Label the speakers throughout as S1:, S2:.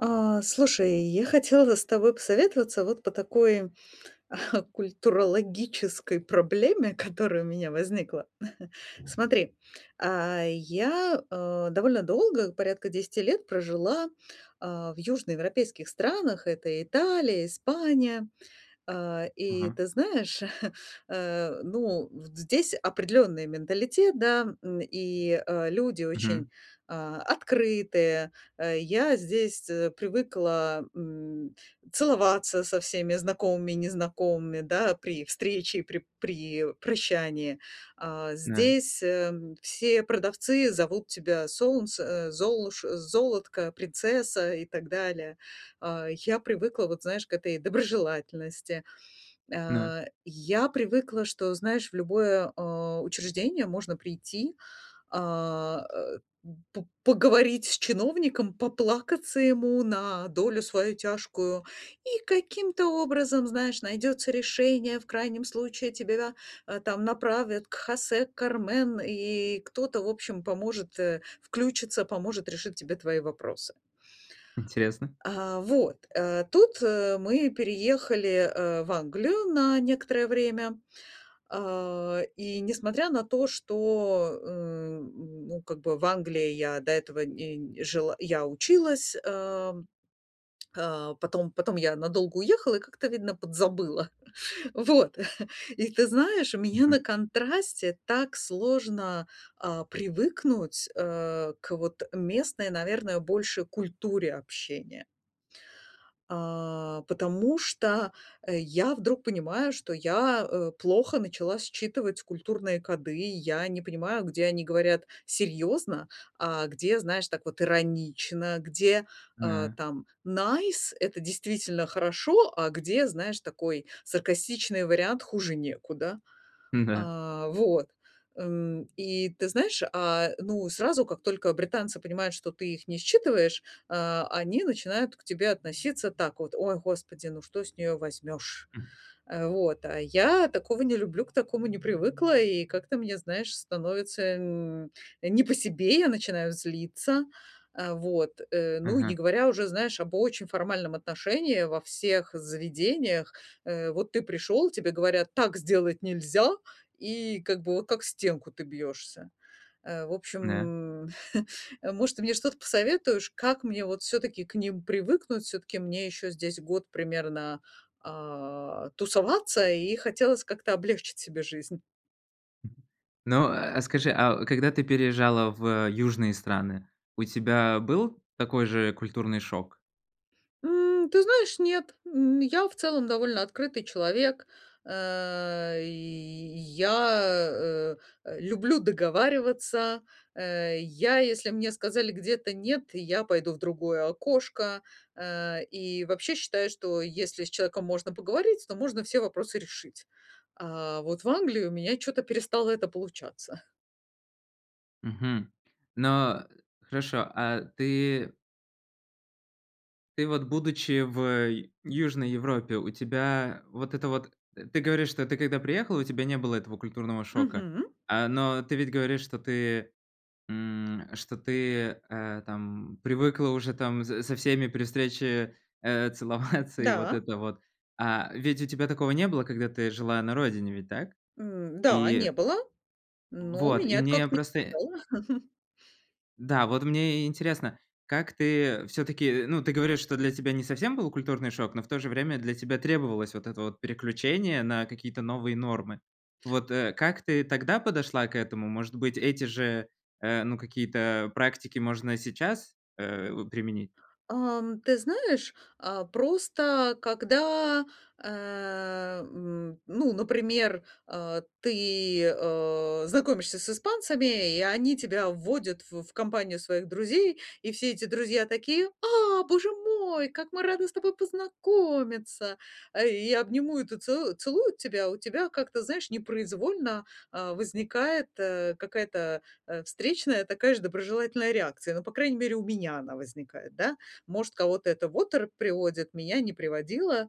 S1: Э, слушай, я хотела с тобой посоветоваться вот по такой культурологической проблеме, которая у меня возникла. Смотри, э, я, э, довольно долго, порядка 10 лет прожила, а, в южноевропейских странах: это Италия, Испания. Э, и
S2: Мгм.
S1: ты знаешь, э, ну, здесь определённый менталитет, да. М, и, э, люди очень,
S2: Мгм.
S1: э, открытые. Э, я здесь привыкла м, целоваться со всеми знакомыми и незнакомыми, да, при встрече и при при прощании. Э,
S2: На.
S1: здесь э, все продавцы зовут тебя Солнце, э, Золуш Золотко, Принцесса и так далее. Э, я привыкла, вот, знаешь, к этой доброжелательности.
S2: На.
S1: Э, я привыкла, что, знаешь, в любое, э, учреждение можно прийти, а, э, п поговорить с чиновником! Поплакаться ему на долю свою тяжкую, и каким-то образом, знаешь, найдется решение, в крайнем случае тебя, э, там направят к Хосе, к Кармен и кто-то в общем поможет, э включится, поможет решить тебе твои вопросы.
S2: Интересно.
S1: Э, вот. Э, тут, э, мы переехали, э, в Англию на некоторое время. Э, и несмотря на то, что, м, ну, как бы в Англии я до этого нь жила я училась. Э, э, потом потом я надолго уехала и как-то, видно, подзабыла. Вот, и ты знаешь, у меня на
S2: Мгм.
S1: контрасте так сложно, а, привыкнуть, э, к вот местной, наверное, больше культуре общения. Э, потому что я вдруг понимаю, что, я, э, плохо начала считывать культурные коды. Я не понимаю, где они говорят серьезно, а где знаешь так вот иронично. Где, э,
S2: На.
S1: там nice- это действительно "хорошо", а где, знаешь, такой саркастичный вариант "хуже некуда".
S2: М-да.
S1: Э, вот, эм, и ты знаешь, а, ну сразу как только британцы понимают, что ты их не считываешь, э, они начинают к тебе относиться так вот: "Ой, господи, ну что с нее возьмешь!"
S2: М.
S1: Э, вот, а я такого не люблю, к такому не привыкла. И как-то мне, знаешь, становится нь не по себе. Я начинаю злиться. Э, вот, э, ну, не
S2: Мгм.
S1: говоря уже, знаешь, об очень формальном отношении во всех заведениях. Э, вот ты пришёл, тебе говорят: "Так сделать нельзя!" И как бы о как стенку ты бьёшься. Э, в
S2: Н-да.
S1: общем, может, ты мне что-то посоветуешь, как мне вот всё-таки к ним привыкнуть? Всё-таки мне ещё здесь год примерно, а, тусоваться и хотелось как-то облегчить себе жизнь.
S2: Ну, а скажи, а когда ты переезжала в южные страны, у тебя был такой же культурный шок?
S1: М, ты знаешь, нет. М, я в целом довольно открытый человек. Э, я, э, люблю договариваться. Э, я если мне сказали где-то "нет", я пойду в другое окошко. Э, и вообще считаю, что если с человеком можно поговорить, то можно все вопросы решить. А вот в Англии у меня чё-то перестало это получаться.
S2: Мгм. Ну хорошо, а ты ты вот, будучи в, э, Южной Европе, у тебя вот это вот Ты говоришь, что ты когда приехала, у тебя не было этого культурного шока,
S1: Мгм.
S2: э, но ты ведь говоришь, что ты, м, что ты, э, там привыкла уже там с со всеми при встрече, э, целоваться, и вот
S1: Да.
S2: это вот, а ведь у тебя такого не было, когда ты жила на родине, ведь так?
S1: М, да, не
S2: И
S1: было, но
S2: Вот, и
S1: меня это
S2: мне
S1: как-то не
S2: просто и
S1: напрягало.
S2: Да, вот мне и интересно, как ты всё-таки, ну, ты говоришь, что для тебя не совсем был культурный шок, но в то же время для тебя требовалось вот это вот переключение на какие-то новые нормы. Вот, э, как ты тогда подошла к этому? Может быть, эти же, э, ну какие-то, э, практики можно сейчас, э, у применить?
S1: Эм, ты знаешь, э, просто когда, э, м, ну, например, э, ты, э, знакомишься с испанцами, и они тебя вводят в в компанию своих друзей, и все эти друзья такие: "А, боже мой, как мы рады с тобой познакомиться!" Э, и обнимуют и целу целую тебя. У тебя как-то, знаешь, непроизвольно, э, возникает, э, какая-то, э, встречная, такая же доброжелательная реакция, ну, по крайней мере, у меня она возникает, да. Может кого-то это в оторопь приводит, меня не приводило,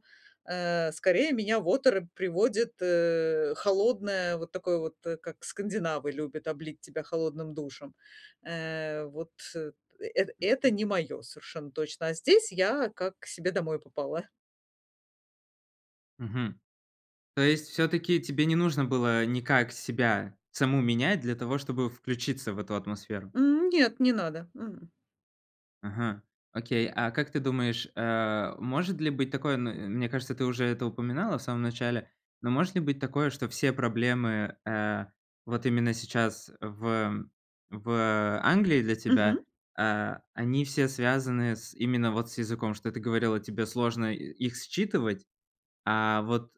S1: э, скорее меня в оторопь приводит, э, холодное, вот такое вот, э, как скандинавы любят облить тебя холодным душем. Э, вот эт это
S2: Мгм.
S1: не моё, совершенно точно. А здесь я как к себе домой попала.
S2: Мгм. То есть всё-таки тебе не нужно было никак себя саму менять для того, чтобы включиться в эту атмосферу?
S1: М, нет, не надо. М.
S2: Мгм, окей, а как ты думаешь, э, может ли быть такое, м мне кажется, ты уже это упоминала в самом начале, но может ли быть такое, что все проблемы, э, вот именно сейчас в в Англии для тебя,
S1: Мгм.
S2: э, они все связаны с именно вот с языком, что ты говорила, тебе сложно их считывать, а вот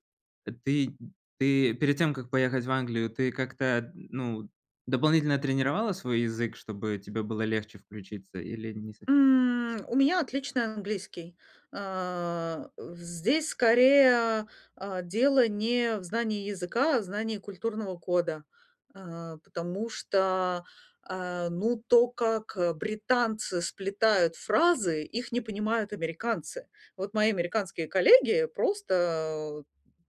S2: ты ты перед тем, как поехать в Англию, ты как-то, ну, дополнительно тренировала свой язык, чтобы тебе было легче включиться, или не совсем?
S1: М, у меня отличный английский, э, в здесь скорее, э, дело не в знании языка, а в знании культурного кода, э, потому что, э, ну, то, как, э, британцы сплетают фразы, их не понимают американцы. Вот мои американские коллеги просто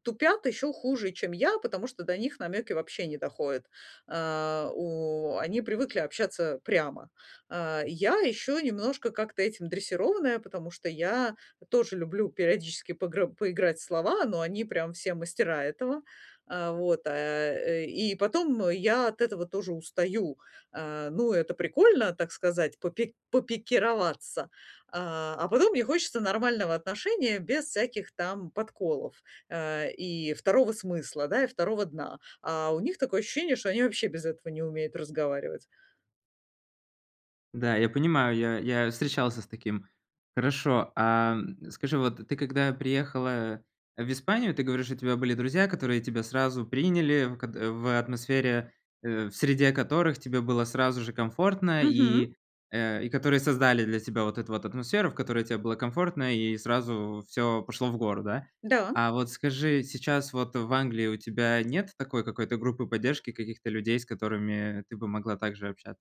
S1: тупят ещё хуже, чем я, потому что до них намёки вообще не доходят. Э, у они привыкли общаться прямо. Э, я ещё немножко как-то этим дрессированная, потому что я тоже люблю периодически погры поиграть в слова, но они прям все мастера этого. Э, вот, э, и потом я от этого тоже устаю. Э, ну, это прикольно, так сказать, попи попикироваться, э, а потом мне хочется нормального отношения без всяких там подколов, э, и второго смысла, да, и второго дна, а у них такое ощущение, что они вообще без этого не умеют разговаривать.
S2: Да, я понимаю, я я встречался с таким. Хорошо, а скажи, вот ты когда приехала в Испанию, ты говоришь, что у тебя были друзья, которые тебя сразу приняли ког в атмосфере Э, в среде которых тебе было сразу же комфортно
S1: Мгм.
S2: и, э, и которые создали для тебя вот эту вот атмосферу, в которой тебе было комфортно. И сразу всё пошло в гору, да.
S1: Да.
S2: А вот скажи, сейчас вот в Англии у тебя нет такой какой-то группы поддержки, каких-то людей, с которыми ты бы могла также общаться?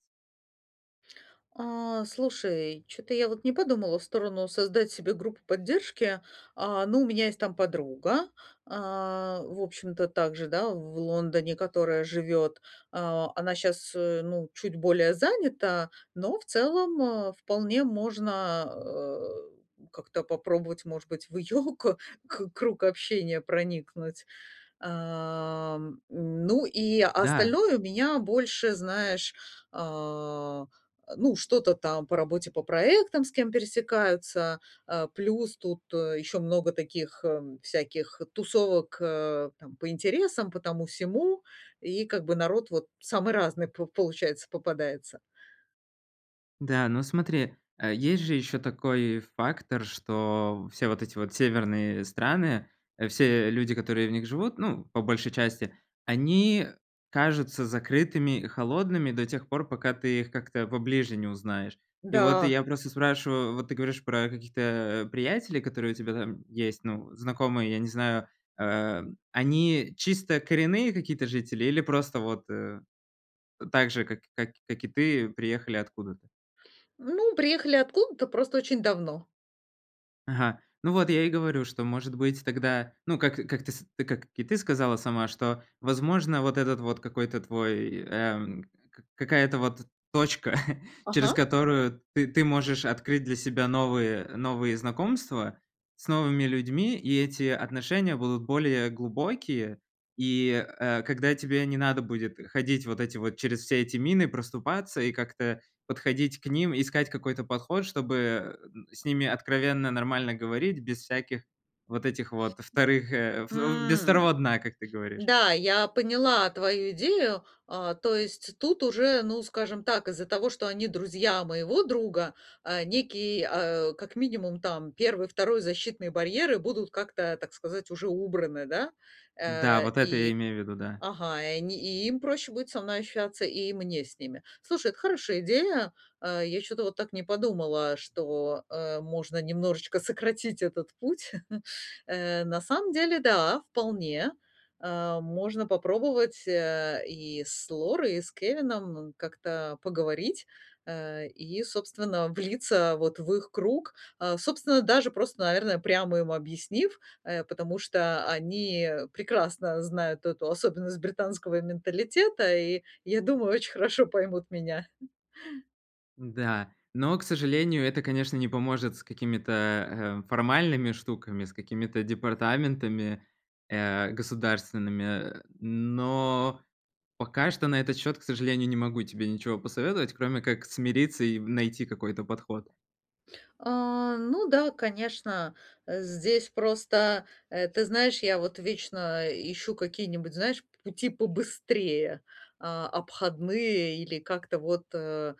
S1: А, слушай, чё-то я вот не подумала в сторону создать себе группу поддержки. Э, ну, у меня есть там подруга, э, в общем-то также, да, в Лондоне, которая живет. Э, она щас, э, ну, чуть более занята, но в целом, э, вполне можно о как-то попробовать, может быть, в её ко круг общения проникнуть. Э, м, ну, и
S2: Да.
S1: остальное у меня больше, знаешь, э, ну, что-то там по работе, по проектам, с кем пересекаются. Э, плюс тут ещё много таких, э, всяких тусовок, э, там, по интересам, по тому-сему. И как бы народ вот самый разный по получается попадается.
S2: Да, ну, смотри, э, есть же ещё такой фактор, что все вот эти вот северные страны, все люди, которые в них живут, ну, по большей части- они кажутся закрытыми и холодными до тех пор, пока ты их как-то поближе не узнаешь. И вот я
S1: Да.
S2: просто спрашиваю, вот ты говоришь про каких-то приятелей, которые у тебя там есть, ну, знакомые, я не знаю. Э, они чисто коренные какие-то жители или просто вот, э, так же, как как и ты, приехали откуда-то?
S1: Ну, приехали откуда-то, просто очень давно.
S2: Ага, ну вот я и говорю, что, может быть, тогда, ну, как как ты с ты как и сказала сама, что, возможно, вот этот вот какой-то твой, э, какая-то вот точка, через
S1: Ага.
S2: которую ты ты можешь открыть для себя новые новые знакомства с новыми людьми. И эти отношения будут более глубокие. И, э, когда тебе не надо будет ходить вот эти вот через все эти мины проступаться и как-то подходить к ним, искать какой-то подход, чтобы, э, с ними откровенно нормально говорить. Без всяких вот этих вот вторых, э, о во без второго
S1: М,
S2: дна, как ты говоришь.
S1: да, я поняла твою идею. Э, то есть тут уже, ну, скажем так, из-за того, что они друзья моего друга, э, некий, э, как минимум там 1-2 защитный барьеры будут как-то, так сказать, уже убраны, да?
S2: Да,
S1: Э,
S2: вот
S1: и
S2: это я имею в виду, да.
S1: ага, и они, и им проще будет со мной ощущаться, и мне с ними. Слушай, это хорошая идея. Э, я чё-то вот так не подумала, что, э, можно немножечко сократить этот путь. Э, на самом деле, да, вполне. Э, можно попробовать, э, и с Лорой, и с Кевином как-то поговорить. Э, и, собственно, влиться, вот, в их круг. Э, собственно, даже просто, наверное, прямо им объяснив, э, потому что они прекрасно знают эту особенность британского менталитета и, я думаю, очень хорошо поймут меня.
S2: Да, но, к сожалению, это, конечно, не поможет с какими-то, э, формальными штуками, с какими-то департаментами, э, государственными. Но пока что на этот счет, к сожалению, не могу тебе ничего посоветовать, кроме как смириться и найти какой-то подход.
S1: А, ну да, конечно, здесь просто, э, ты знаешь, я вот вечно ищу какие-нибудь, знаешь, пути побыстрее, а, обходные или как-то вот, а,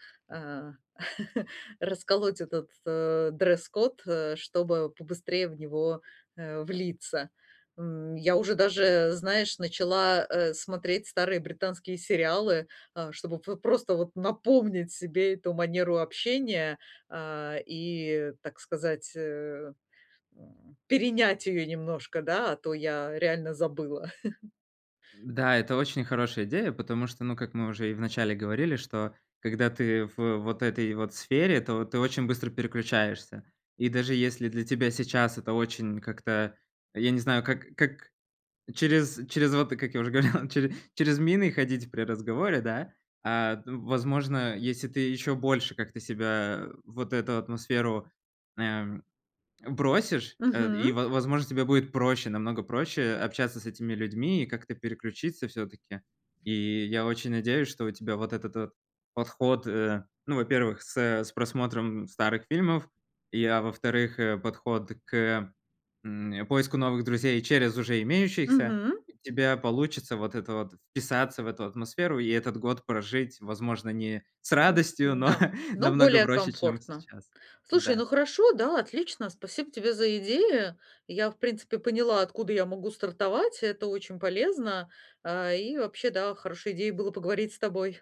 S1: расколоть этот, э, дресс-код, э, чтобы побыстрее в него, э, влиться. М, я уже даже, знаешь, начала, э, смотреть старые британские сериалы, э, чтобы п просто вот напомнить себе эту манеру общения, а, и, так сказать, э, м перенять её немножко, да, а то я реально забыла.
S2: Да, это очень хорошая идея, потому что, ну, как мы уже и в начале говорили, что когда ты в вот этой вот сфере, то ты очень быстро переключаешься. И даже если для тебя сейчас это очень как-то, я не знаю, как как, через через вот, как я уже говорил, чере через мины ходить при разговоре, да? А, ну, возможно, если ты еще больше как-то себя в вот эту атмосферу, эм, бросишь, э, и,
S1: Мгм.
S2: во возможно, тебе будет проще, намного проще общаться с этими людьми и как-то переключиться всё-таки. И я очень надеюсь, что у тебя вот этот подход, э, ну, во-первых, с с просмотром старых фильмов, и, а во-вторых, э, подход к, м, поиску новых друзей через уже имеющихся.
S1: Мгм.
S2: У тебя получится вот это вот вписаться в эту атмосферу и этот год прожить, возможно, не с радостью, но
S1: Да, но
S2: намного
S1: более
S2: проще, чем
S1: комфортно.
S2: сейчас.
S1: Слушай,
S2: Да.
S1: ну хорошо, да, отлично, спасибо тебе за идеи. Я, в принципе, поняла, откуда я могу стартовать, это очень полезно. А, и вообще, да, хорошей идеей было поговорить с тобой.